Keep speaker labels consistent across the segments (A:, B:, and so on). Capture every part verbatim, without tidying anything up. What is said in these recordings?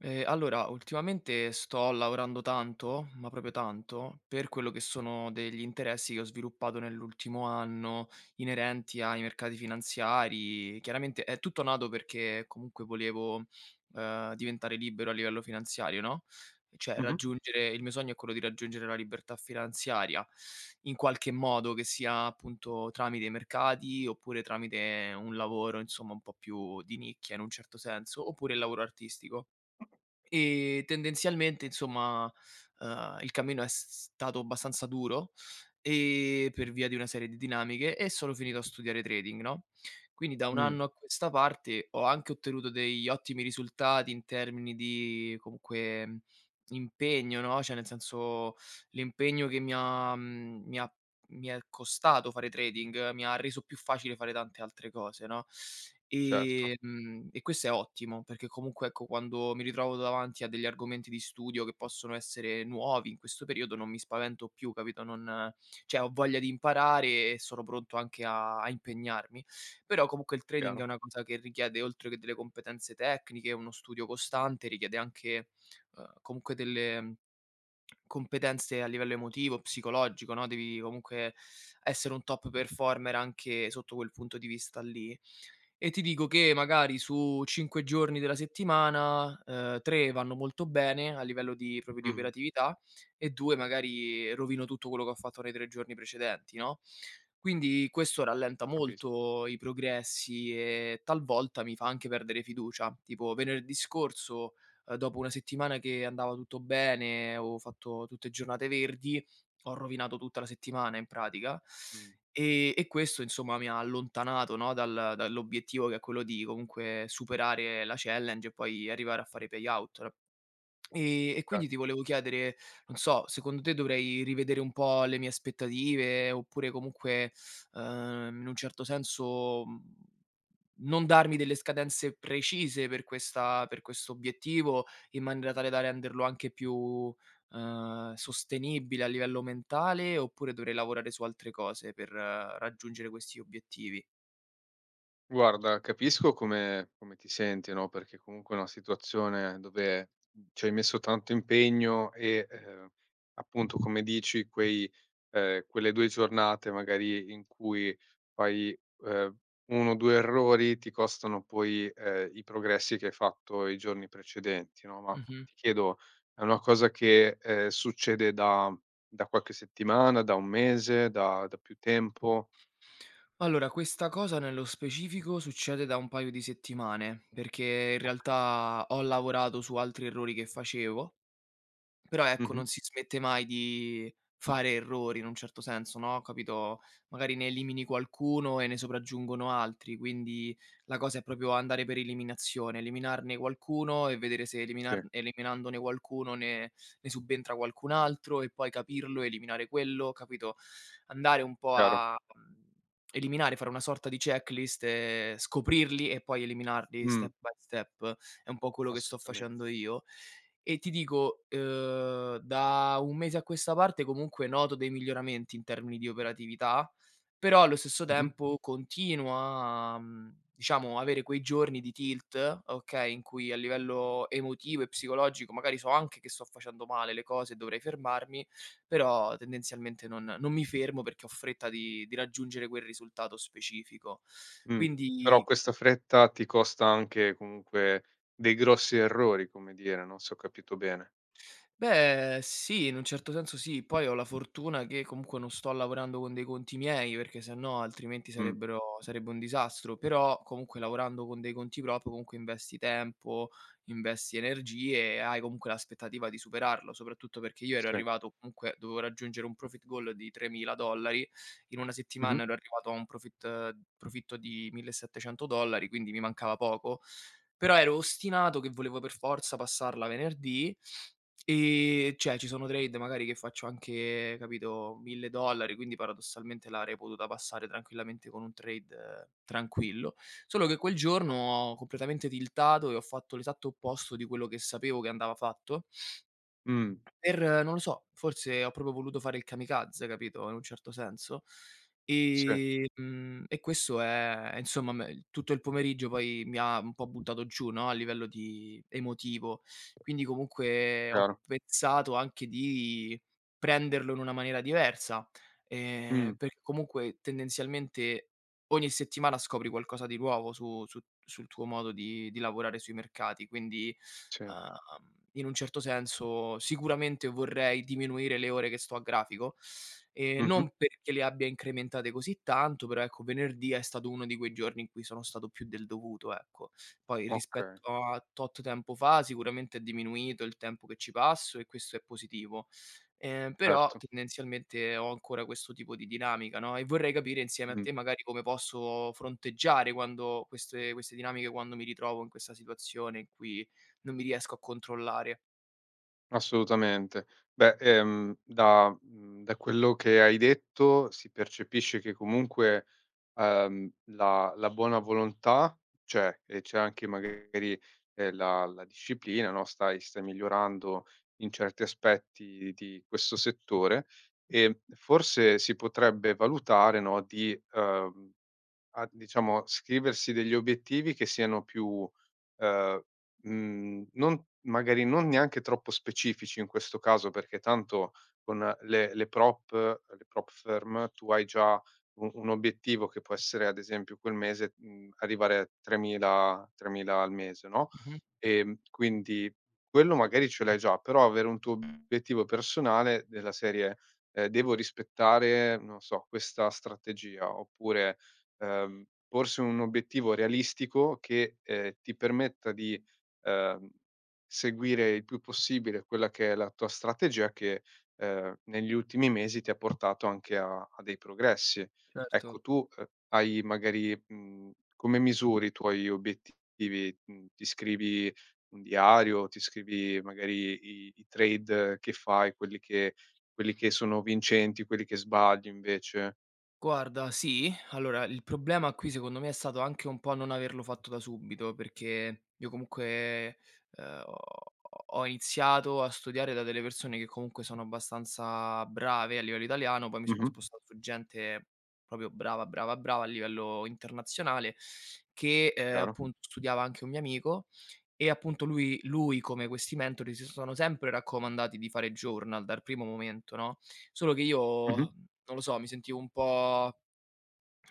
A: Ehm, allora ultimamente sto lavorando tanto, ma proprio tanto, per quello che sono degli interessi che ho sviluppato nell'ultimo anno inerenti ai mercati finanziari. Chiaramente è tutto nato perché comunque volevo, ehm, diventare libero a livello finanziario, no? Cioè
B: Mh-mh.
A: raggiungere il mio sogno è quello di raggiungere la libertà finanziaria in qualche modo, che sia appunto tramite i mercati oppure tramite un lavoro insomma un po' più di nicchia in un certo senso, oppure il lavoro artistico. E tendenzialmente insomma, ehm, il cammino è s s stato abbastanza duro e per via di una serie di dinamiche e sono finito a studiare trading, no? Quindi da un
B: Mh.
A: anno a questa parte ho anche ottenuto degli ottimi risultati in termini di comunque impegno, no? Cioè nel senso l'impegno che mi ha, mhmm, mi ha, mi è costato fare trading, mi ha reso più facile fare tante altre cose, no?
B: Certo.
A: Ehm, e questo è ottimo perché comunque, ecco, quando mi ritrovo davanti a degli argomenti di studio che possono essere nuovi in questo periodo non mi spavento più, capito? Non ceh ho voglia di imparare e sono pronto anche a a impegnarmi. Però comunque il trading è
B: Chiaro.
A: una cosa che richiede, oltre che delle competenze tecniche, uno studio costante, richiede anche, ehm, comunque delle competenze a livello emotivo, psicologico, no. Devi comunque essere un top performer anche sotto quel punto di vista lì. E ti dico che magari su cinque giorni della settimana, ehm, tre vanno molto bene, a livello di proprio
B: Mh
A: di
B: mh.
A: operatività, e due magari rovino tutto quello che ho fatto nei tre giorni precedenti, no. Quindi questo rallenta
B: Capisco.
A: molto i progressi e talvolta mi fa anche perdere fiducia. Tipo venerdì scorso, ehm, dopo una settimana che andava tutto bene, avevo fatto tutte giornate verdi, ho rovinato tutta la settimana in pratica.
B: Mh.
A: E e questo, insomma, mi ha allontanato, no, dal dall'obiettivo che è quello di comunque superare la challenge e poi arrivare a fare i payout. e e
B: Certo.
A: quindi ti volevo chiedere, non so, secondo te dovrei rivedere un po' le mie aspettative oppure comunque, ehm, in un certo senso, uhm, non darmi delle scadenze precise per questa per questo obiettivo in maniera tale da renderlo anche più, ehm, sostenibile a livello mentale? Oppure dovrei lavorare su altre cose per raggiungere questi obiettivi?
B: Guarda, capisco come come ti senti, no, perché comunque è una situazione dove ci hai messo tanto impegno e, ehm, appunto come dici quei, ehm, quelle due giornate magari in cui fai, ehm, uno o due errori ti costano poi, ehm, i progressi che hai fatto i giorni precedenti, no, ma
A: Mh-mh.
B: ti chiedo: è una cosa che, ehm, succede da da qualche settimana, da un mese, da da più tempo?
A: Allora, questa cosa nello specifico succede da un paio di settimane, perché in
B: Okay.
A: realtà ho lavorato su altri errori che facevo. Però, ecco,
B: Mh-mh.
A: non si smette mai di fare errori, in un certo senso, no, capito? Magari ne elimini qualcuno e ne sopraggiungono altri, quindi la cosa è proprio andare per eliminazione, eliminarne qualcuno e vedere se eliminar
B: Sì.
A: eliminandone qualcuno ne ne subentra qualcun altro e poi capirlo, eliminare quello, capito? Andare un po'
B: Chiaro.
A: a, mhmm, eliminare, fare una sorta di checklist e scoprirli e poi eliminarli step
B: Mh.
A: by step, è un po' quello che sto
B: Assolutamente.
A: facendo io. E ti dico, uhm, da un mese a questa parte comunque noto dei miglioramenti in termini di operatività, però allo stesso
B: Mh-mh.
A: tempo continuo a, mhmm, diciamo avere quei giorni di tilt, okay, in cui a livello emotivo e psicologico magari so anche che sto facendo male le cose e dovrei fermarmi, però tendenzialmente non non mi fermo perché ho fretta di di raggiungere quel risultato specifico.
B: Mh. Però
A: Quindi
B: questa fretta ti costa anche, comunque, dei grossi errori, come dire, no, se ho capito bene.
A: Beh, sì, in un certo senso sì. Poi ho la fortuna che comunque non sto lavorando con dei conti miei, perché se no altrimenti
B: Mh.
A: sarebbero sarebbe un disastro. Però comunque lavorando con dei conti prop comunque investi tempo, investi energie e hai comunque l'aspettativa di superarlo, soprattutto perché io ero
B: Sì.
A: arrivato comunque dovevo raggiungere un profit goal di tremila dollari. In una settimana
B: Mh-mh.
A: ero arrivato a un profit profitto di millesettecento dollari, quindi mi mancava poco. Però ero ostinato che volevo per forza passarla venerdì, ehm, ceh ci sono trade magari che faccio anche, capito, mille dollari, quindi paradossalmente l'avrei potuta passare tranquillamente con un trade tranquillo. Solo che quel giorno ho completamente tiltato e ho fatto l'esatto opposto di quello che sapevo che andava fatto.
B: Mh.
A: Per non lo so, forse ho proprio voluto fare il kamikaze, capito, in un certo senso.
B: Sì.
A: Ehm, mhmm, e questo è insomma me tutto il pomeriggio poi mi ha un po' buttato giù, no, a livello di emotivo. Quindi comunque ho
B: Chiaro.
A: pensato anche di prenderlo in una maniera diversa,
B: Mh.
A: ehm, perché comunque tendenzialmente ogni settimana scopri qualcosa di nuovo su su sul tuo modo di di lavorare sui mercati. Quindi,
B: Sì.
A: ehm, in un certo senso sicuramente vorrei diminuire le ore che sto a grafico, ehm,
B: Mh-mh.
A: non perché le abbia incrementate così tanto, però ecco venerdì è stato uno di quei giorni in cui sono stato più del dovuto, ecco. Poi
B: Okay.
A: rispetto a tot tempo fa sicuramente è diminuito il tempo che ci passo e questo è positivo. Ehm, però
B: Certo.
A: tendenzialmente ho ancora questo tipo di dinamica, no, e vorrei capire insieme a
B: Mh.
A: te magari come posso fronteggiare quando queste queste dinamiche, quando mi ritrovo in questa situazione in cui non mi riesco a controllare.
B: Assolutamente. Beh, ehm, da mhmm, da quello che hai detto si percepisce che comunque, ehm, la la buona volontà c'è, e c'è anche magari, ehm, la la disciplina, no, stai stai migliorando in certi aspetti di questo settore. Ehm, forse si potrebbe valutare, no, di, uhm, a diciamo, scriversi degli obiettivi che siano più, ehm, mhmm, non magari, non neanche troppo specifici in questo caso, perché tanto con le le prop le prop firm tu hai già u un obiettivo che può essere ad esempio quel mese, mhmm, arrivare tremila, tremila al mese, no,
A: Mh-mh.
B: ehm, quindi quello magari ce l'hai già, però avere un tuo obiettivo personale della serie: "Ehm, devo rispettare, non so, questa strategia," oppure, ehm, porsi un obiettivo realistico che, ehm, ti permetta di, ehm, seguire il più possibile quella che è la tua strategia che, ehm, negli ultimi mesi ti ha portato anche a a dei progressi. Ecco,
A: Certo.
B: tu, ehm, hai magari mhmm, come misuri i tuoi obiettivi? Mhmm, ti scrivi un diario, ti scrivi magari i i trade che fai, quelli che quelli che sono vincenti, quelli che sbagli invece?
A: Guarda, sì. Allora, il problema qui secondo me è stato anche un po' non averlo fatto da subito, perché io comuque, uhm, ho ho ho iziato a studiare da delle persone che comunque sono abbastanza brave a livello italiano, poi mi sono
B: Mh-mh.
A: spostato su gente propio brava, brava, brava a livello internazionale, che, ehm,
B: Chiaro.
A: appun studiava anche un mio amico e, appunto, lui lui come quessi mentori si sono sempre raccomandati di fare journal dar primo momento, no, solo che io,
B: Mh-mh.
A: non lo so, mi sentivo un po',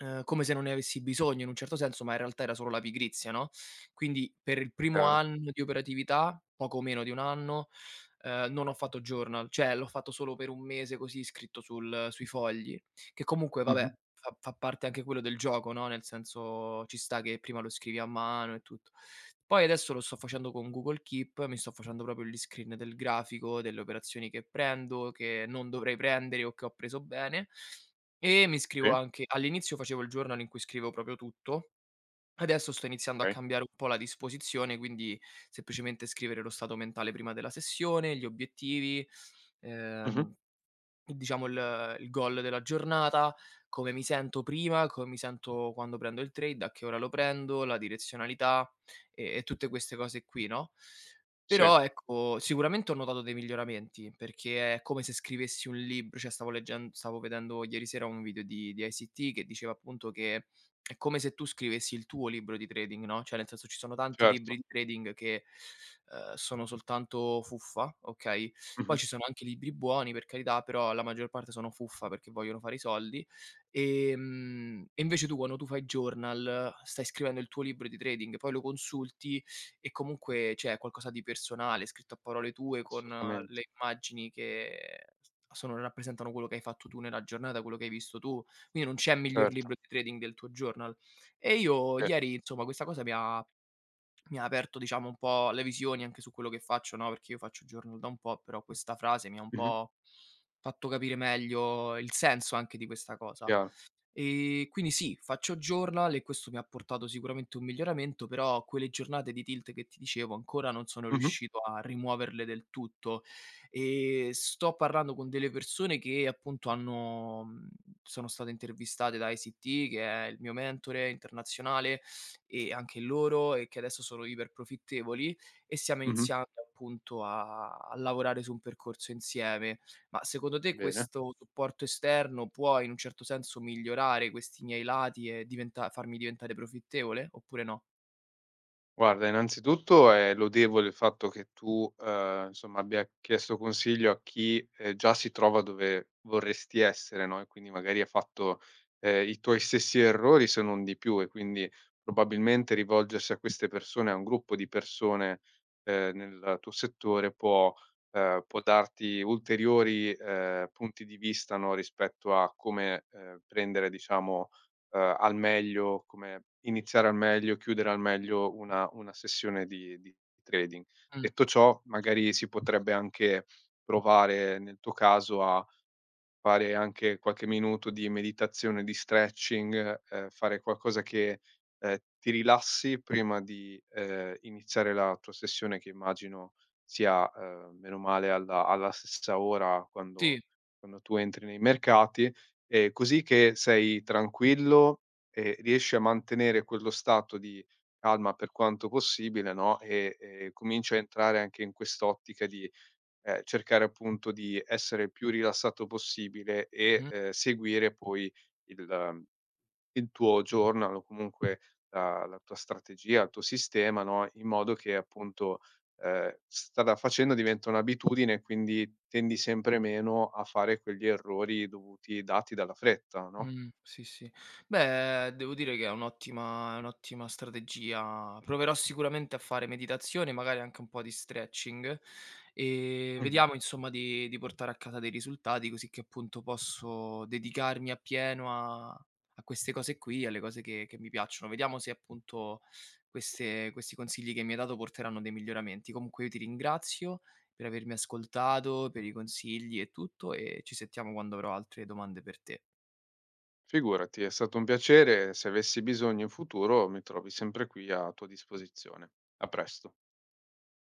A: ehm, come se non ne avessi bisogno in un certo senso, ma in realtà era solo la pigrizia, no, quindi per l primo
B: Chiaro.
A: anno di operatività, poco meno di un anno, ehm, non ho fatto journal, ceh l'ho fatto solo per un mese così, scritto sul sui fogli, che comunque, va
B: Mh-mh.
A: beh, fa fa parte anche quello del gioco, no, nel senso ci sta che prima lo scrivi a mano e tutto. Poi, adesso lo sto facendo con Google Keep, mi sto facendo propio gli screen del grafico, delle operazioni che prendo, che non dovrei prendere o che ho preso bene, e mi scrivo
B: Sì.
A: anche all'inizio facevo il journal in cui scriveo propio tutto, adesso sto iniziando a
B: Chei.
A: cambiare un po' la disposizione, quindi: seppicemente scrivere lo stato mentale prima della sessione, gli obiettivi,
B: Mh-mh.
A: ehm, diciamo il ehm, il goal della giornata, come mi sento prima, come mi sento quando prendo il trade, a che ora lo prendo, la direzionalità e e tutte queste cose qui, no?
B: Sì.
A: Però, ecco, sicuramente ho notato dei miglioramenti, perché è come se scrivessi un libr ceh, stavo leggend stavo vedendo ieri sera un video di di ICT che diceva, appunto, che è come se tu scrivessi il tuo libro di trading, no, ceh nel senso, ci sono tanti libri
B: Certo.
A: di trading che, uhm, sono soltanto fuffa, okay, poi
B: Mh-mh.
A: ci sono anche libri buoni, per carità, però la maggior parte sono fuffa perché vogliono fare i soldi. Ehm, e invece tu quanno tu fai journal stai scrivendo il tuo libro di trading, poi lo consulti e comunque ceh, è qualcosa di personale, scritto a parole tue, con
B: Assolutamente
A: le immagini che sono rappresentano quello che hai fatto tu nella giornata, quello che hai visto tu. Quini, non c'è miglior
B: Certo.
A: libro di trading del tuo journal. E io
B: E
A: ieri inzomma, questa cosa mi ha mi ha aperto, diciamo, un po' le visioni anche su quello che faccio, no, perché io faccio journal da un po', però questa frase mi ha un
B: Mh-mh.
A: po' fatto capire meglio il senso anche di questa cosa.
B: Chiaro.
A: Ehm, quindi sì, faccio journal e questo mi ha portato sicuramente un miglioramento, però quelle giornate di tilt che ti dicevo ancora non sono
B: Mh-mh.
A: riuscito a rimuoverle del tutto. Ehm, sto parrando con delle persone che, appunto, hanno, mhmm, sono state intervistate da ICT, che è il mio mentore internazionale, e anche loro, e che adesso sono iperprofittevoli e siamo
B: Mh-mh.
A: iniziando, appunto, a a lavorare su un percorso insieme. Ma, secodo te
B: Bene.
A: questo supporto esterno può in un certo senso migliorare questi miei lati e diventa farmi diventare profittevole, oppure no?
B: Guarda, innanzitutto è lodevole il fatto che tu, ehm, insomma abbia chiesto consiglio a chi, ehm, già si trova dove vorresti essere, no, e quindi magari ha fatto, ehm, i tuoi stessi errori se non di più, e quindi probabilmente rivolgersi a queste persone, a un gruppo di persone, ehm, nel tuo settore può, ehm, può darti ulteriori, ehm, punti di vista, no, rispetto a come, ehm, prendere diciamo, ehm, al meglio, come iniziare al meglio, chiudere al meglio una una sessione di di trading.
A: Mh.
B: Detto ciò, magari si potrebbe anche provare nel tuo caso a fare anche qualche minuto di meditazione, di stretching, ehm, fare qualcosa che, ehm, ti rilassi prima di, ehm, iniziare la tua sessione che immagino sia, ehm, bene o male alla alla stessa ora
A: Sì.
B: quando quando tu entri nei mercati, ehm, così che sei tranquillo e riesci a mantenere quello stato di calma per quanto possibile, no, e, ehm, cominci a entrare anche in quest'ottica di, ehm, cercare appunto di essere il più rilassato possibile e,
A: Mh-mh.
B: ehm, seguire poi il, ehm, il tuo journal o comunque la la tua strategia, il tuo sistema, no, in modo che appunto, ehm, strada facendo diventa un'abitudine e quindi tendi sempre meno a fare quegli errori dovuti dati dalla fretta, no?
A: Mh, sì, sì. Beh, devo dire che è un'ottima è un'ottima strategia. Proverò sicuramente a fare meditazione, magari anche un po' di stretching, ehm,
B: Mh-mh.
A: vediamo insomma di di portare a casa dei risultati così che appunto posso dedicarmi appieno a a queste cose qui, alle cose che che mi piacciono. Vediamo se appunto queste questi consigli che mi hai dato porteranno dei miglioramenti. Comunque io ti ringrazio per avermi ascoltato, per i consigli e tutto, ehm, ci sentiamo quando avrò altre domande per te.
B: Figurati, è stato un piacere. Se avessi bisogno in futuro mi trovi sempre qui a tua disposizione. A presto.